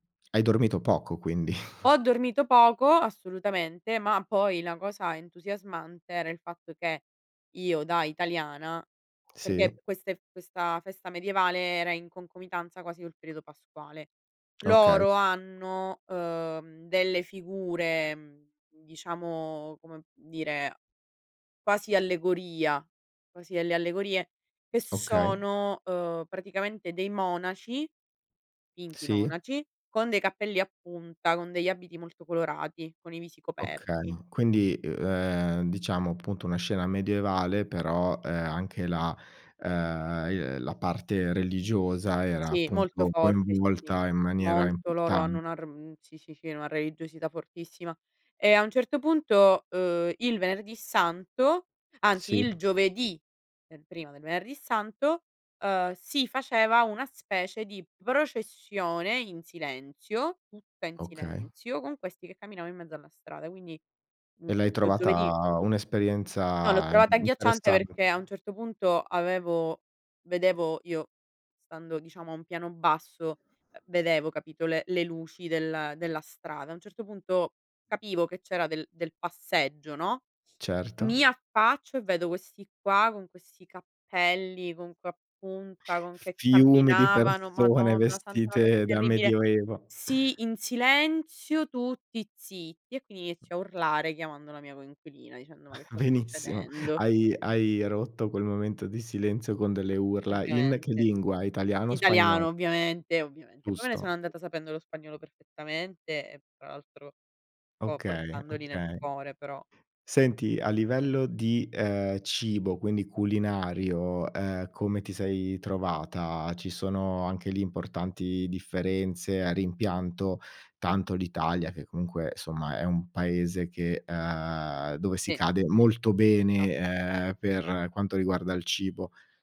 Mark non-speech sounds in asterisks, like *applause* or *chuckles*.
Hai dormito poco quindi. *chuckles* Ho dormito poco, assolutamente, ma poi la cosa entusiasmante era il fatto che io da italiana Sì. perché queste f questa festa medievale era in concomitanza quasi col periodo pasquale. Okay. Loro hanno, uhm, delle figure, mhmm, diciamo come dire, quasi allegoria, quasi delle allegorie che Okay. sono, uhm, praticamente dei monaci, finti Sì. monaci, con dei cappelli a punta, con degli abiti molto colorati, con i visi Okay, coperti. ma quindi, uhm, ehm, diciamo appunto, una scena medievale però, ehm, anche la uhm, i ehm, la parte religiosa era Sì, molto appunto forte, sì, sì. coinvolta in maniera Molto, loro hanno importante. una r uhm, sì, sì, sì, una religiosità fortissima. E a un certo punto, uhm, il Venerdì Santo anzi Sì. il giovedì, è prima del Venerdì Santo, uhm, si faceva una specie di processione in silenzio, tutta in Okay. silenzio, con questi che camminavano in mezzo alla strada. Quindi, mhmm, E l'hai uhm, giovedì trovata un' No, l'ho esperienza i trovata agghiacciante interessan perché a un certo punto avevo vedevo io stando diciamo a un piano basso, ehm, vedevo capito le le luci del della strada. A un certo punto capivo che c'era del del passeggio, no, Certo. mi affaccio e vedo questi qua con questi cappelli, con que a punta, con che Fiumi di camminavano. persone Madonna santa, una cosa vestite da terribile. medioevo. Sì, in silenzio, tutti zitti, e quindi M inizio a urlare chiamando la mia coinquilina dicendo: "Ma che sta *chuckles* Benissimo, succedendo?". hai hai rotto quel momento di silenzio con delle urla. In che Praticamente. lingua? Italiano o Italiano spagnolo? ovviamente, ovviamente. Poi me ne Giusto. sono andata sapendo lo spagnolo perfettamente e tra l'altro co Okay, portandoli nel okay. cuore però. Senti, a livello di, ehm, cibo, quindi culinario, uhm come ti sei trovata? Ci sono anche lì importanti differenze, hai rimpianto tanto l'Italia che comunque, somma, è un Paese che ehm, dove si Sì. cade Sì. molto Ah. bene, ehm, per quanto riguarda il cibo?